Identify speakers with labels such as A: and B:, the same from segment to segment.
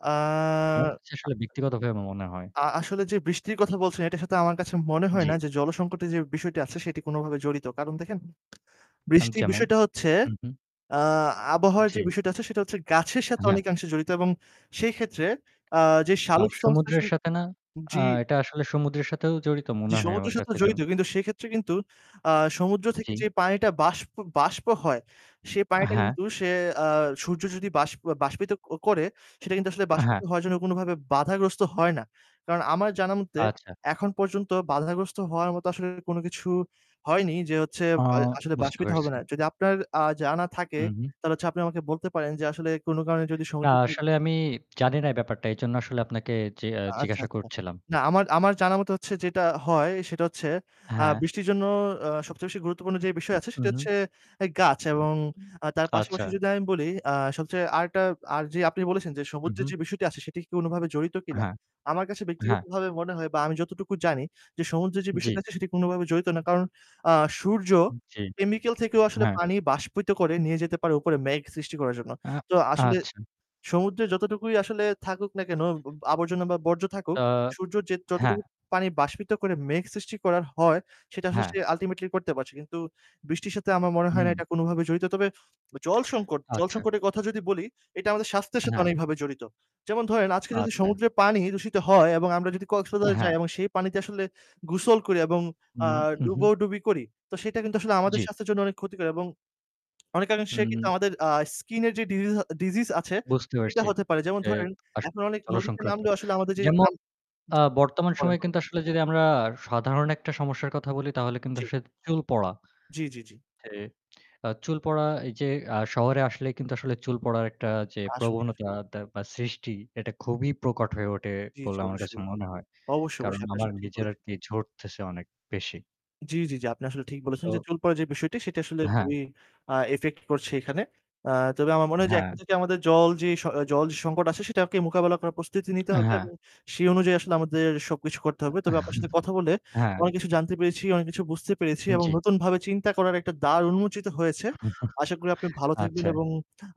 A: আ
B: আমার কাছে
A: আ
B: আসলে ব্যক্তিগতভাবে মনে হয়
A: অ আ আসলে যে বৃষ্টির কথা বলছেন, এটার সাথে আমার কাছে মনে হয় না
B: জী।
A: যে, জলসংকটের যে বিষয়টি আছে সেটি কোনভাবে জড়িত। কারণ দেখেন
B: হ্যাঁন
A: বৃষ্টির
B: যেমন?
A: বিষয়টা হচ্ছে
B: হুম, হুম।
A: আ আবহাওয়ার যে
B: জী।
A: বিষয়টা আছে, সেটা হচ্ছে গাছের সাথে
B: অ্যাঁ হ্যাঁ।
A: অনেকাংশে জড়িত এবং সেইক্ষেত্রে যে আ
B: আর
A: শালোক
B: সমুদ্রের
A: সংশ্লেষণ
B: সাথে না, আ
A: জী।
B: এটা আসলে সমুদ্রের সাথেও জড়িত
A: যে
B: মনে হয় আমার
A: সমুদ্রের সাথে
B: কাছে
A: জড়িত
B: যেমন
A: কিন্তু সেক্ষেত্রে কিন্তু আ সমুদ্র থেকে
B: জী।
A: যে পানিটা বাষ্প বাষ্প হয়, সে
B: আ
A: পানিটা
B: হ্যাঁ।
A: কিন্তু সে আ সূর্য যদি বাস বাষ্পিত ক করে সেটা কিন্তু আসলে
B: অ্যাঁ
A: বাষ্পিত
B: হ্যাঁ।
A: হওয়ার জন্য কোনভাবে বাধাগ্রস্ত হয় না। কারণ আমার জানামতে
B: আচ্ছা।
A: এখন পর্যন্ত বাধাগ্রস্ত হওয়ার মতো আসলে কোন কিছু হয়নি যে, হচ্ছে
B: আ
A: আ আসলে
B: বুঝতে
A: বাষ্পিত হবে
B: পারছি।
A: না। যদি আপনার আ জানা থাকে
B: উ হুম।
A: তাহলে হচ্ছে আপনি আমাকে বলতে পারেন যা আসলে কোন কারণে যদি
B: না
A: সমুদ্রের তীর
B: আসলে আমি জানি না এই ব্যাপারটা। এইজন্য আসলে আপনাকে যে
A: আচ্ছা,
B: জিজ্ঞাসা
A: আচ্ছা।
B: করছিলাম।
A: না আমার আমার জানামতে হচ্ছে যেটা হয়, সেটা হচ্ছে আ
B: হ্যাঁ।
A: বৃষ্টির জন্য অ্যাঁ সবচেয়ে বেশি গুরুত্বপূর্ণ যেই বিষয় আছে
B: হু,
A: সেটা
B: হু।
A: হচ্ছে গাছ এবং আ তার
B: আচ্ছা।
A: পাশাপাশি যদি আমি বলি আ সবচেয়ে আরেকটা আর যে আপনি বলেছেন যে
B: হুম,
A: সমুদ্রের
B: হুম।
A: যে বিষয়টি আছে সেটি কি কোনভাবে জড়িত কিনা।
B: হ্যাঁ।
A: আমার কাছে
B: হ্যাঁ।
A: ব্যক্তিগতভাবে মনে হয় বা আমি যতটুকু জানি যে, সমুদ্রে যে
B: জী।
A: বিষয়টা আছে সেটি কোনভাবে জড়িত না। কারণ আ সূর্য
B: জী।
A: কেমিক্যাল থেকেও আসলে
B: হ্যাঁ।
A: পানি বাষ্পিত করে নিয়ে যেতে পারে উপরে মেঘ সৃষ্টি করার জন্য।
B: অ্যাঁ
A: তো আসলে
B: আচ্ছা।
A: সমুদ্রে যতটুকুই আসলে থাকুক না কেন উবু আবর্জনা বা বর্জ্য থাকুক,
B: আ
A: সূর্যের যে
B: হ্যাঁ।
A: যতটুকু পানি বাষ্পিত করে মেঘ সৃষ্টি করার হয় সেটা আসলে
B: হ্যাঁ।
A: আল্টিমেটলি করতে পারছে। কিন্তু বৃষ্টির সাথে আমার মনে হয় না
B: হুম।
A: এটা কোনভাবে জড়িত। তবে জল সংকট জল
B: আচ্ছা।
A: সংকটের কথা যদি বলি এটা আমাদের স্বাস্থ্যের সাথে
B: হ্যাঁ।
A: অনেকভাবে জড়িত। যেমন ধরেন আজকে যদি
B: আচ্ছা।
A: সমুদ্রে পানি দূষিত হয় এবং আমরা যদি কক্সবাজার
B: হ্যাঁ।
A: যাই এবং সেই পানিতে আসলে গোসল করি এবং
B: হুম।
A: অ্যাঁ
B: উহুম।
A: ডুবোডুবি করি; তো সেটা কিন্তু আসলে আমাদের
B: জী।
A: স্বাস্থ্যের জন্য অনেক ক্ষতিকর এবং অনেকাংশে কিন্তু
B: হুম।
A: আমাদের আ স্কিন এর যে ডিজি ডিজিস আছে
B: বুঝতে
A: সেটা
B: পারছি
A: হতে পারে। যেমন
B: যে
A: ধরেন
B: আস
A: এখন অনেক
B: জল
A: নদীতে
B: সংক্রান্ত।
A: নামলেও আসলে আমাদের যেই
B: যেমন
A: ঝাম
B: আ
A: জি
B: বর্তমান
A: বলেন,
B: সময়ে
A: বলেন।
B: কিন্তু আসলে যদি আমরা সাধারণ একটা সমস্যার কথা বলি তাহলে কিন্তু
A: জী।
B: আসে চুল পড়া।
A: জী, জী, জী।
B: যে আ চুল পড়া এই যে আ শহরে আসলে কিন্তু আসলে চুল পড়ার একটা যে
A: আসলেই,
B: প্রবণতা
A: আসলেই।
B: তে বা সৃষ্টি এটা খুবই প্রকট হয়ে ওঠে
A: জী, জী,
B: বলে আমার কাছে
A: অবশ্যই।
B: মনে হয়।
A: অবশ্যই,
B: কারণ
A: অবশ্যই, আপনার
B: আমার
A: সব ঠিক
B: নিজের আর
A: বলেছেন।
B: কি ঝড়তেছে অনেক বেশি।
A: জী, জী, জী, আপনি আসলে ঠিক বলেছেন যে
B: তো
A: চুল পড়া যে বিষয়টি সেটা আসলে
B: হ্যাঁ।
A: খুবই আ ইফেক্ট করছে এখানে। আ তবে আমার মনে হয় যে
B: হ্যাঁ।
A: এখন থেকে আমাদের জল যে জল যে সংকট আছে সেটাকে মোকাবেলা করার প্রস্তুতি নিতে হবে।
B: হ্যাঁ।
A: এবং সেই অনুযায়ী আসলে আমাদের সবকিছু করতে হবে।
B: অ্যাঁ
A: তবে আপনার সাথে কথা বলে
B: হ্যাঁ।
A: অনেক কিছু জানতে পেরেছি, অনেক কিছু বুঝতে পেরেছি এবং
B: জী।
A: নতুন ভাবে চিন্তা করার একটা দ্বার উন্মোচিত হয়েছে। আশা করি আপনি ভালো থাকবেন
B: আচ্ছা।
A: এবং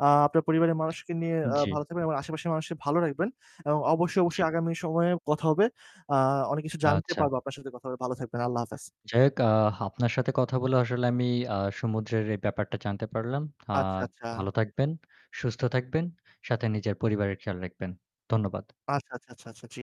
A: আ আপনার পরিবারের মানুষকে নিয়ে আ
B: জী।
A: ভালো থাকবেন এবং আশেপাশের মানুষকে ভালো রাখবেন। এবং অবশ্যই,
B: জী।
A: অবশ্যই আগামী সময়ে কথা হবে। আ অনেক কিছু জানতে
B: আচ্ছা।
A: পারবো আপনার সাথে কথা হবে। ভালো থাকবেন। আল্লাহ হাফেজ।
B: যাই হোক আ আপনার সাথে কথা বলে আসলে আমি আ সমুদ্রের এই ব্যাপারটা জানতে পারলাম।
A: আচ্ছা,
B: আর
A: আচ্ছা।
B: ভালো থাকবেন, সুস্থ থাকবেন। সাথে নিজের পরিবারের খেয়াল রাখবেন। ধন্যবাদ।
A: আচ্ছা, আচ্ছা, আচ্ছা, আচ্ছা ঠিক